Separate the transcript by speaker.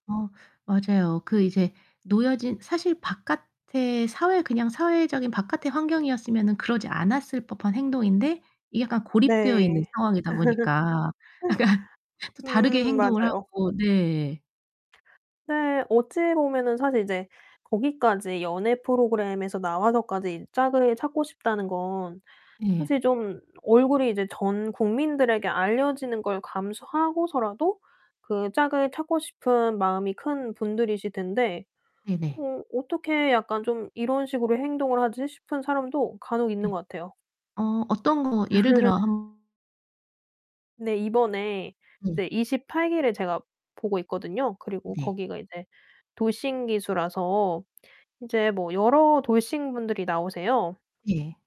Speaker 1: 어 맞아요. 그 이제 놓여진 사실 바깥에 사회 그냥 사회적인 바깥의 환경이었으면은 그러지 않았을 법한 행동인데 이게 약간 고립되어 있는
Speaker 2: 네.
Speaker 1: 상황이다 보니까 약간 다르게
Speaker 2: 음,
Speaker 1: 행동을
Speaker 2: 맞아요.
Speaker 1: 하고 네.
Speaker 2: 네. 어찌보면은 사실 이제 거기까지 연예 프로그램에서 나와서까지 이 짝을 찾고 싶다는 건
Speaker 1: 예.
Speaker 2: 사실 좀 얼굴이 이제 전 국민들에게 알려지는 걸 감수하고서라도 그 짝을 찾고 싶은 마음이 큰 분들이실텐데
Speaker 1: 네네.
Speaker 2: '어 어떻게 약간 좀 이런 식으로 행동을 하지.' 싶은 사람도 간혹 있는
Speaker 1: 네.
Speaker 2: 것 같아요.
Speaker 1: 어, 어떤 거 예를 들어 한
Speaker 2: 네, 이번에
Speaker 1: 네.
Speaker 2: 이제 28 기를 제가 보고 있거든요. 그리고
Speaker 1: 네.
Speaker 2: 거기가 이제 돌싱 기수라서 이제 뭐 여러 돌싱 분들이 나오세요.
Speaker 1: 예.